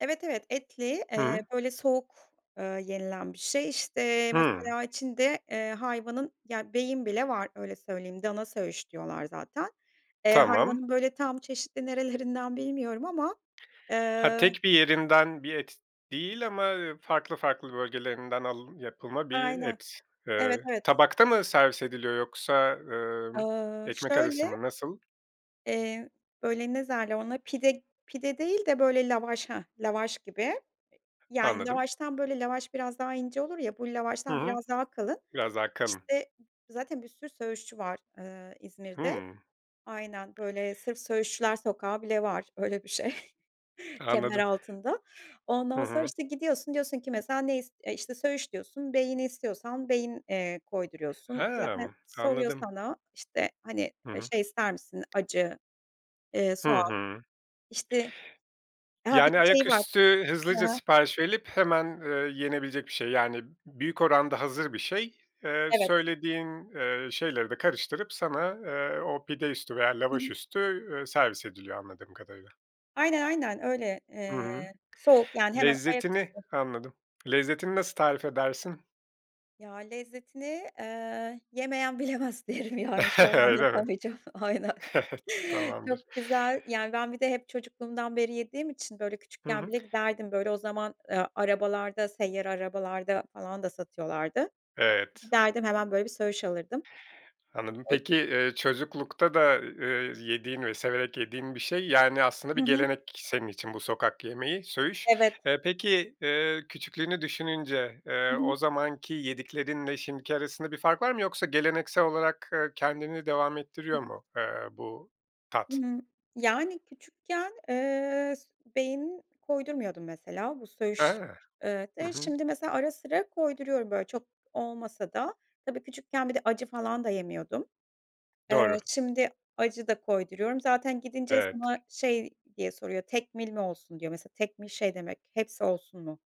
Evet, evet etli, Hı eee, hı. böyle soğuk, ııı, yenilen bir şey işte. Hımm. Mesela içinde, eee, hayvanın Ya, beyin bile var, öyle söyleyeyim. Dana söğüş diyorlar zaten. Eee, Tamam. hayvanın böyle tam çeşitli nerelerinden bilmiyorum ama. Ha, Eee... tek bir yerinden bir et değil ama, ııı, farklı farklı bölgelerinden alın yapılma bir Aynen. et. Evet, Eee, evet. tabakta mı servis ediliyor, yoksa emm, Iıı, ekmek arası şöyle... mı? Nasıl? Eee, böyle ne derler ona? Pide pide değil de böyle lavaş. Hı, lavaş gibi; yani Anladım. lavaştan, böyle, lavaş biraz daha ince olur ya, bu Hı lavaştan hı. biraz daha kalın Biraz daha kalın. işte. Zaten bir sürü söğüşçü var, ııı, İzmir'de. Hımm. Aynen, böyle sırf söğüşçüler sokağı bile var; öyle bir şey Anladım. Kemeraltı'nda. Hı Ondan sonra hı. işte gidiyorsun, diyorsun ki mesela, ne is İşte söğüş diyorsun. Beyni istiyorsan, beyin, eee, koyduruyorsun. Zaten Hımm. soruyor Anladım. sana işte, hani, Hı ııı, hı. şey ister misin? Acı, eee, Hı soğan hı. işte. Ha, bir Yani, de şey var. ayaküstü, Hı hızlıca hı. sipariş verilip hemen, ııı, yenebilecek bir şey. Yani, büyük oranda hazır bir şey. Eee, Evet. söylediğin, eee, şeyleri de karıştırıp sana, eee, o pide üstü veya Hı hı. lavaş üstü, ııı, servis ediliyor anladığım kadarıyla. Aynen, aynen. Öyle. Hı Eee hı. soğuk yani; hemen Lezzetini... ayaküstü. Anladım. Lezzetini nasıl tarif edersin? Ya, lezzetini, eee, yemeyen bilemez derim, yani. Şu an Öyle mi? anlatamayacağım. Aynen. Tamamdır. Çok güzel, yani. Ben bir de hep çocukluğumdan beri yediğim için, böyle, Hı küçükken hı. bile giderdim. Böyle, o zaman, eee, arabalarda, seyyar arabalarda falan da satıyorlardı. Evet. Giderdim, hemen böyle bir söğüş alırdım. Anladım. Oy Peki, eee, çocuklukta da, ııı, yediğin ve severek yediğin bir şey. Yani, aslında Hı bir hı. gelenek senin için bu sokak yemeği, söğüş. Evet. E, peki, ııı, küçüklüğünü düşününce, Hı eee, hı. o zamanki yediklerinle şimdiki arasında bir fark var mı, yoksa geleneksel olarak, ııı, kendini devam Hı ettiriyor hı. mu, eee, bu tat? Hımm, yani küçükken, eee, s beyin koydurmuyordum mesela, bu He, söğüş... Eee, hı de hı. şimdi mesela ara sıra koyduruyorum; böyle çok olmasa da tabii. Küçükken bir de acı falan da yemiyordum. Eee, Doğru. şimdi acı da koyduruyorum zaten gidince Evet. sana şey diye soruyor: "Tekmil mi olsun?" diyor mesela. Tekmil şey demek; hepsi olsun mu?